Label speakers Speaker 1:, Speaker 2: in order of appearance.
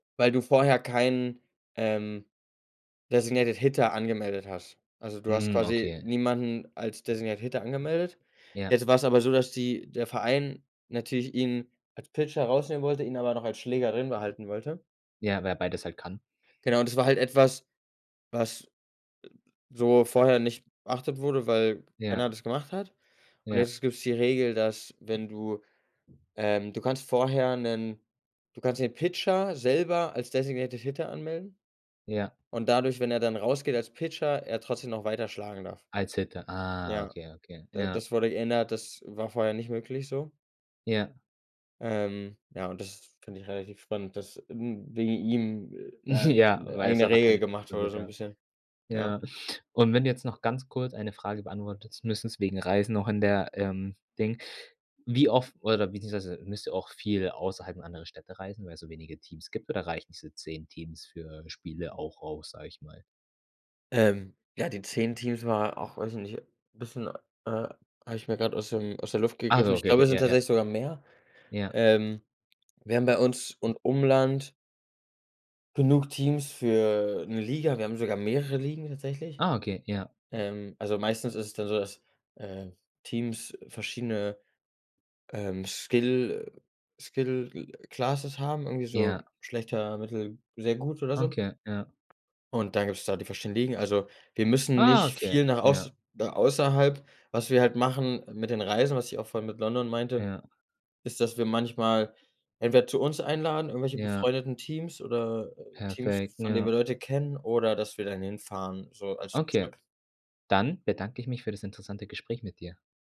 Speaker 1: Weil du vorher keinen, ähm, designated hitter angemeldet hast. Also, du hast
Speaker 2: Mhm.
Speaker 1: quasi
Speaker 2: Okay.
Speaker 1: niemanden als designated hitter angemeldet.
Speaker 2: Ja.
Speaker 1: Jetzt war es aber so, dass die der Verein natürlich ihn als Pitcher herausnehmen wollte, ihn aber noch als Schlägerrin behalten wollte.
Speaker 2: Ja, wer beides halt kann.
Speaker 1: Genau, und das war halt etwas, was, e b so vorher nicht beachtet wurde, weil keiner
Speaker 2: Ja.
Speaker 1: das gemacht hat. Und
Speaker 2: Ja.
Speaker 1: jetzt gibt's die Regel, dass wenn du ähm, du kannst vorher 'nen du kannst den Pitcher selber als designated hitter anmelden
Speaker 2: Ja.
Speaker 1: und dadurch, wenn er dann rausgeht als Pitcher, er trotzdem noch weiter schlagen darf.
Speaker 2: Als hitter. Ah,
Speaker 1: Ja,
Speaker 2: okay okay,
Speaker 1: d
Speaker 2: ja.
Speaker 1: das wurde geändert. Das war vorher nicht möglich, so?
Speaker 2: Ja.
Speaker 1: Ähm, ja, und das finde ich relativ spannend, dass, ähm, wegen ihm, äh, 'ne
Speaker 2: Ja,
Speaker 1: 'ne
Speaker 2: weil es
Speaker 1: eigene
Speaker 2: einfach
Speaker 1: Regel
Speaker 2: keine
Speaker 1: gemacht
Speaker 2: passende
Speaker 1: habe, so 'n
Speaker 2: gab.
Speaker 1: bisschen. Ja.
Speaker 2: Ja. Und wenn du jetzt noch ganz kurz eine Frage beantwortest, müssen's wegen Reisen noch in der, ähm, Ding wie oft oder beziehungsweise müsst ihr auch viel außerhalb anderer Städte reisen, weil es so wenige Teams gibt, oder reichen diese 10 Teams für Spiele auch aus, sage ich mal?
Speaker 1: Ähm, ja, die 10 Teams war auch, weiß ich nicht, bisschen, äh habe ich mir grad aus dem aus der Luft
Speaker 2: Ah
Speaker 1: gegriffen.
Speaker 2: so,
Speaker 1: Ich
Speaker 2: okay,
Speaker 1: glaube, es sind
Speaker 2: ja, ja.
Speaker 1: tatsächlich sogar mehr.
Speaker 2: Ja.
Speaker 1: Ähm, wir haben bei uns und Umland genug Teams für 'ne Liga. Wir haben sogar mehrere Ligen tatsächlich.
Speaker 2: Ah, okay, ja.
Speaker 1: Ähm, also meistens ist es dann so, dass, äh, Teams verschiedene, ähm, Skill Skill classes haben, irgendwie so
Speaker 2: Ja.
Speaker 1: schlechter, mittel, sehr gut oder so.
Speaker 2: Okay, ja.
Speaker 1: Und dann gibt es da die Verständigen. Also, wir müssen
Speaker 2: Ah,
Speaker 1: nicht
Speaker 2: okay,
Speaker 1: viel nach
Speaker 2: ja.
Speaker 1: auß da außerhalb. Was wir halt machen mit den Reisen, was ich auch vorhin mit London meinte,
Speaker 2: Ja.
Speaker 1: ist, dass wir manchmal entweder zu uns einladen, irgendwelche
Speaker 2: Ja.
Speaker 1: befreundeten Teams, oder, äh, Teams,
Speaker 2: Perfekt,
Speaker 1: von
Speaker 2: ja.
Speaker 1: denen wir Leute kennen, oder dass wir dann hinfahren, so als
Speaker 2: Okay,
Speaker 1: Trip.
Speaker 2: dann bedanke ich mich für das interessante Gespräch mit dir.